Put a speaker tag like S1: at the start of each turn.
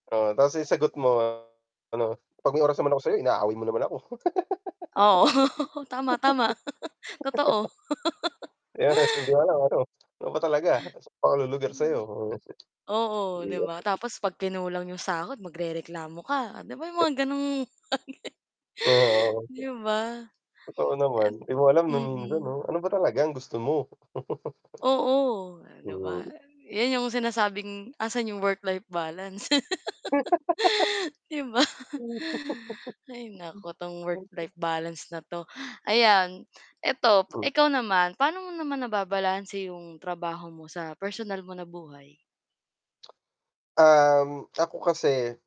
S1: Ah, 'tas 'yong sagot mo, ah, ano, "'Pag may oras naman ako sa'yo, inaaway mo naman ako."
S2: Oo. Tama, tama. Totoo.
S1: 'Yan 'tas hindi alam kung, ano ano ba talaga? Sa'n ba 'ko lulugar sayo?
S2: Mm. Oo, 'di ba,
S1: [unintelligible]
S2: tapos 'pag kinulang 'yong sahod magrereklamo ka. Oh, 'di ba 'yong mga gano'ng
S1: Oo.
S2: 'Di ba?
S1: Totoo naman, 'di mo alam no'ng
S2: Eh
S1: minsan,
S2: mm.
S1: 'no, ano ba talaga ang gusto mo?
S2: Oo, ah, 'di ba?
S1: Hmm.
S2: 'Yan 'yong sinasabing 'asan 'yong work-life balance, 'di ba? Hay, naku, 'tong work-life balance na 'to. Ayan, ito, p ikaw naman, paano mo naman nababalanse 'yong trabaho mo sa personal mo na buhay?
S1: Um, ako kasi